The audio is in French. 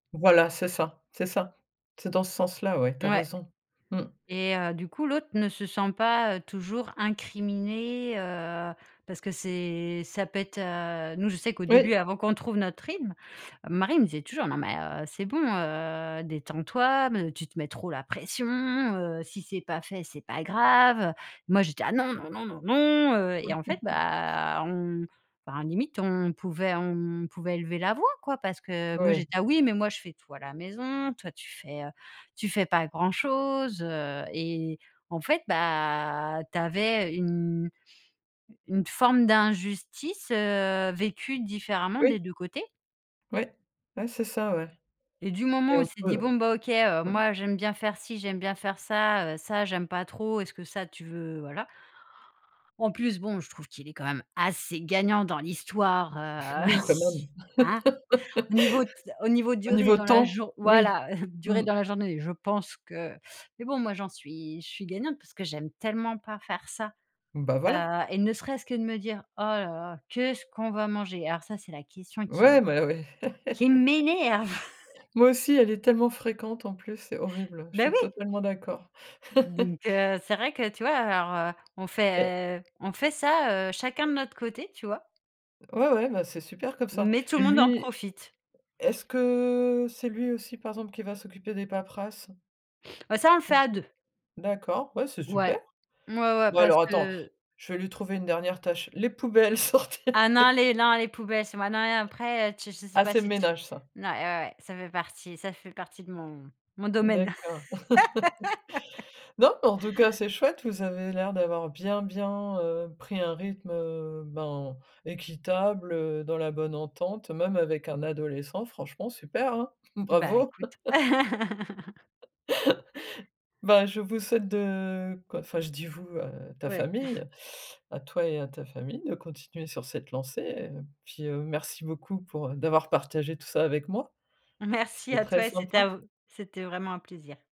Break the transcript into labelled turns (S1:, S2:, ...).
S1: Voilà, c'est ça, c'est ça. C'est dans ce sens-là, ouais. Tu as
S2: Ouais
S1: raison. Mmh.
S2: et heu, du coup, l'autre ne se sent pas, heu, toujours incriminé, heu, parce que c'est ça peut être heu, nous, je sais qu'au
S1: Oui.
S2: début, avant qu'on trouve notre rythme, mon mari me disait toujours: «Non, mais heu, c'est bon, heu, détends-toi mais tu te mets trop la pression, heu. Si c'est pas fait, c'est pas grave, heu». Moi, j'étais là: «Ah non, non, non, non, non», heu, et en fait, bah, on enfin limite, on pouvait on on pouvait élever la voix, quoi parce que moi, j'ai
S1: Ouais.
S2: dit: «Ah oui, mais moi, je fais tout à la maison. Toi, tu fais, heu, tu fais pas grand chose», heu, et en fait, bah, tu avais une une forme d'injustice, heu, vécue différemment, des
S1: Oui.
S2: 2 côtés.
S1: Ouais, ouais, c'est ça. Ouais.
S2: Et du
S1: Il
S2: moment
S1: est
S2: où il
S1: un
S2: s'est
S1: peu,
S2: dit:
S1: heu
S2: «Bon, bah, OK, heu,
S1: ouais.
S2: moi, j'aime bien faire ci, j'aime bien faire ça, heu, ça, j'aime pas trop. Est-ce que ça, tu veux voilà». En plus, bon, je trouve qu'il est, quand même, assez gagnant dans l'histoire, heu,
S1: Oui, quand même.
S2: hein? Au niveau t au niveau
S1: Au
S2: durée
S1: niveau
S2: dans la
S1: temps,
S2: jour
S1: oui.
S2: voilà durée
S1: Mmh.
S2: dans la journée, je pense que mais bon, moi, j'en suis je suis gagnante parce que j'aime tellement pas faire ça,
S1: Bah, voilà.
S2: heu, et ne serait-ce que de me dire: «Oh là là, qu'est-ce qu'on va manger?» alors ça, c'est la question qui m
S1: Ouais, mais ouais.
S2: qui m'énerve!
S1: Moi aussi. Elle est tellement fréquente, en plus, c'est horrible. Je
S2: Beh
S1: suis
S2: oui.
S1: totalement d'accord.
S2: Donc heu, c'est vrai que tu vois? Alors, heu, on
S1: Eh
S2: fait on fait ça, heu, chacun de notre côté, tu vois?
S1: Ouais, ouais, bah c'est super comme ça,
S2: Mais tout
S1: et
S2: le monde en
S1: lui,
S2: profite.
S1: est-ce que c'est lui aussi, par exemple, qui va s'occuper des paperasses?
S2: Bah ça, on le fait à
S1: Aussi.
S2: 2.
S1: D'accord, ouais, c'est
S2: Ouais,
S1: super.
S2: ouais, ouais,
S1: Bon
S2: parce
S1: alors, attends,
S2: que
S1: je vais lui trouver une dernière tâche. Les poubelles, sortir
S2: Ah non, les non, les poubelles, c'est moi, non, et après heu, tu je sais
S1: Ah!
S2: pas
S1: C'est le
S2: si tu
S1: ménage, ça.
S2: n ouais, ouais, ça fait partie ça fait partie de mon mon domaine.
S1: D'accord. Non mais en tout cas, c'est chouette. Vous avez l'air d'avoir bien, bien, heu, pris un rythme, heu, ben, équitable, heu, dans la bonne entente même avec un adolescent. Franchement, super, hein.
S2: Bah,
S1: Bravo!
S2: écoute.
S1: Ben, je vous souhaite de, quoi, enfin je dis: «Vous», heu, ta
S2: Ouais.
S1: famille, à toi et à ta famille, de continuer sur cette lancée et, heu, puis merci beaucoup pour d'avoir partagé tout ça avec moi.
S2: Merci
S1: C'était
S2: à
S1: très
S2: toi, et c'était
S1: sympa.
S2: un v c'était vraiment un plaisir.